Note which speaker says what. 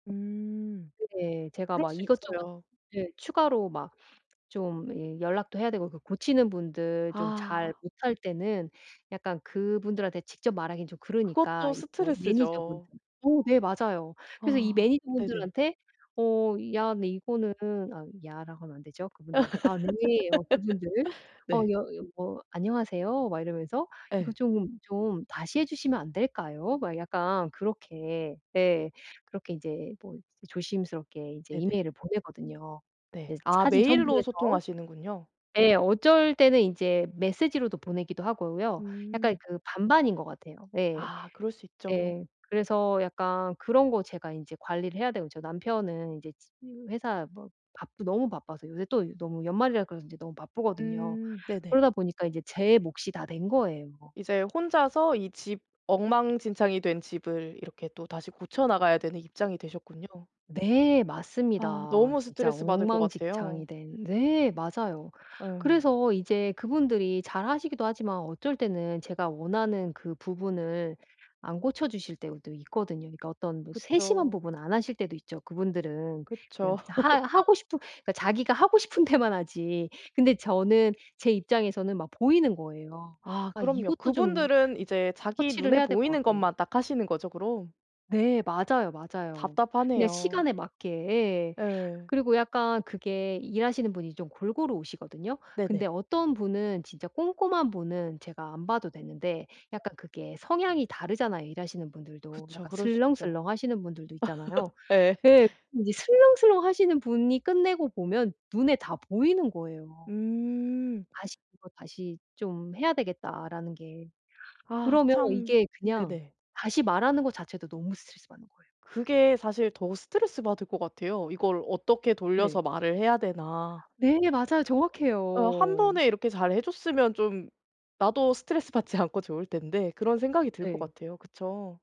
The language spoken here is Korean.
Speaker 1: 음.
Speaker 2: 네. 제가
Speaker 1: 그럴
Speaker 2: 막
Speaker 1: 수
Speaker 2: 이것저것
Speaker 1: 있어요.
Speaker 2: 예 추가로 막 좀 예 연락도 해야 되고 그 고치는 분들 좀 잘
Speaker 1: 아.
Speaker 2: 못할 때는 약간 그분들한테 직접 말하긴 좀 그러니까
Speaker 1: 그것도
Speaker 2: 이거 매니저분들
Speaker 1: 스트레스죠.
Speaker 2: 어 네 맞아요. 그래서 이
Speaker 1: 아. 네네.
Speaker 2: 매니저분들한테 어 "야 근데 이거는" 아 "야."라고 하면 안 되죠 그분들한테. 아 [unintelligible] 그분들. 어
Speaker 1: 네.
Speaker 2: 여 여 뭐 "안녕하세요." 막 이러면서 "이거
Speaker 1: 예.
Speaker 2: 좀 좀 다시 해 주시면 안 될까요?" 막 약간 그렇게 예 그렇게 인제 뭐 조심스럽게 이제
Speaker 1: 네네.
Speaker 2: 이메일을 보내거든요, 예
Speaker 1: 네. 아
Speaker 2: 사진
Speaker 1: 메일로
Speaker 2: 첨부해서.
Speaker 1: 소통하시는군요.
Speaker 2: 예. 어쩔 때는 이제 메시지로도 보내기도 하고요. 약간
Speaker 1: 음.
Speaker 2: 그 반반인 것 같아요. 예.
Speaker 1: 아 그럴 수 있죠.
Speaker 2: 예. 그래서 약간 그런 거 제가 인제 관리를 해야 되고 저 남편은 이제 치으 회사 뭐 바쁘 너무 바빠서 요새 또 너무 연말이라 그래서 그런지 너무 바쁘거든요.
Speaker 1: 음. 네네.
Speaker 2: 그러다 보니까 인제 제 몫이 다 된 거예요.
Speaker 1: 이제 혼자서 이 집 엉망진창이 된 집을 이렇게 또 다시 고쳐 나가야 되는 입장이 되셨군요.
Speaker 2: 네.
Speaker 1: 아.
Speaker 2: 맞습니다.
Speaker 1: 너무
Speaker 2: 진짜
Speaker 1: 스트레스 받을 것
Speaker 2: 엉망진창이
Speaker 1: 같아요.
Speaker 2: 된 네 맞아요.
Speaker 1: 예.
Speaker 2: 그래서 이제 그분들이 잘 하시기도 하지만 어쩔 때는 제가 원하는 그 부분을 안 고쳐 주실 때도 있거든요. 그러니까 어떤 뭐 세심한
Speaker 1: 그쵸.
Speaker 2: 부분 안 하실 때도 있죠. 그분들은
Speaker 1: 그쵸.
Speaker 2: 그냥 하 하고 싶은 자기가 하고 싶은 데만 하지 근데 저는 제 입장에서는 막 보이는 거예요.
Speaker 1: 아
Speaker 2: 아
Speaker 1: 그럼요.
Speaker 2: 이것도 좀
Speaker 1: 그분들은 이제 자기
Speaker 2: 터치를
Speaker 1: 눈에
Speaker 2: 해야 될 것
Speaker 1: 보이는
Speaker 2: 같고
Speaker 1: 것만 딱 하시는 거죠, 그럼?
Speaker 2: 네. 맞아요, 맞아요. 그냥
Speaker 1: 답답하네요.
Speaker 2: 시간에 맞게 예
Speaker 1: 예.
Speaker 2: 그리고 약간 그게 일하시는 분이 좀 골고루 오시거든요. 근데
Speaker 1: 네네.
Speaker 2: 어떤 분은 진짜 꼼꼼한 분은 제가 안 봐도 되는데 약간 그게 성향이 다르잖아요 일하시는 분들도.
Speaker 1: 그쵸.
Speaker 2: 약간
Speaker 1: 그럴 수 있죠.
Speaker 2: 슬렁슬렁하시는 분들도 있잖아요.
Speaker 1: 예.
Speaker 2: 예. 그 이 슬렁슬렁하시는 분이 끝내고 보면 눈에 다 보이는 거예요.
Speaker 1: 음.
Speaker 2: 다시 "이거 다시 좀 해야 되겠다."라는 게.
Speaker 1: 아
Speaker 2: 그러면
Speaker 1: 참
Speaker 2: 이게 그냥
Speaker 1: 네네.
Speaker 2: 다시 말하는 거 자체도 너무 스트레스받는 거예요.
Speaker 1: 그게 사실 더 스트레스받을 것 같아요. '이걸 어떻게
Speaker 2: 네.
Speaker 1: 돌려서 말을 해야 되나.'
Speaker 2: 네 맞아요.
Speaker 1: '어 1
Speaker 2: 정확해요.
Speaker 1: 번에 이렇게 잘 해 줬으면 좀 나도 스트레스받지 않고 좋을 텐데.' 그런 생각이 들 것
Speaker 2: 네.
Speaker 1: 같아요. 그쵸?